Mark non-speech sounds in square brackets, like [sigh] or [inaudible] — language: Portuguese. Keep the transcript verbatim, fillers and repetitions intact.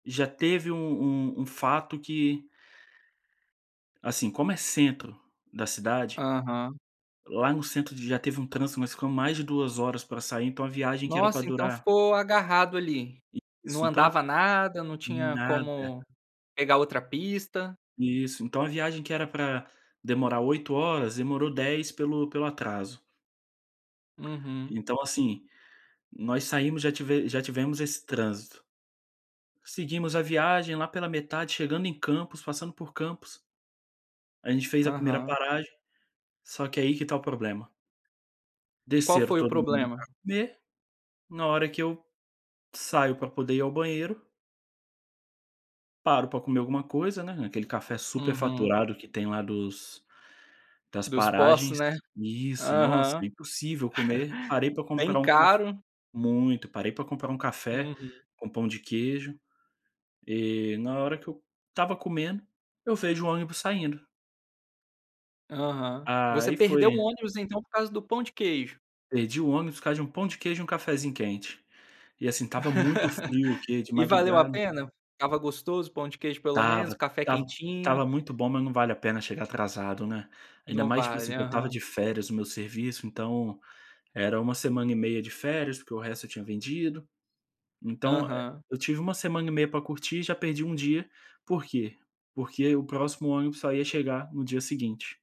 Já teve um um um fato que assim, como é centro da cidade Aham. lá no centro já teve um trânsito, nós ficamos mais de duas horas pra sair, então a viagem que era para Nossa, então durar ficou agarrado ali? Não Isso, então andava nada, não tinha Nada. como pegar outra pista? Isso. Então a viagem que era pra demorar oito horas, demorou dez pelo pelo atraso. Uhum. Então, assim, nós saímos já tive já tivemos esse trânsito. Seguimos a viagem, lá pela metade, chegando em Campos, passando por Campos a gente fez a primeira Aham. paragem, só que aí que está o problema Qual desceram foi o todo mundo problema? pra comer, na hora que eu saio para poder ir ao banheiro paro para comer alguma coisa, né, naquele café Uhum. superfaturado que tem lá dos das Dos postos, paragens né. isso, [chuckles] nossa, Aham. é impossível comer. Parei para Bem comprar um caf caro. muito. Parei pra comprar um café Uhum. com pão de queijo, e na hora que eu estava comendo, eu vejo o ônibus saindo Aham. Você aí perdeu o foi ônibus, então, por causa do pão de queijo? Perdi o ônibus, por causa de um pão de queijo e um cafézinho quente. E, assim, estava muito frio, o [laughs] quê? De E valeu a madrugada pena? Estava gostoso o pão de queijo, pelo menos? Estava. Café Estava quentinho. estava muito bom, mas não vale a pena chegar atrasado, né. Ainda Não mais, tipo vale, assim, que eu estava aham. de férias do meu serviço, então era uma semana e meia de férias porque o resto eu tinha vendido. Então, eh, Aham. eu tive uma semana e meia para curtir e já perdi um dia, por quê? Porque o próximo ônibus só ia chegar no dia seguinte.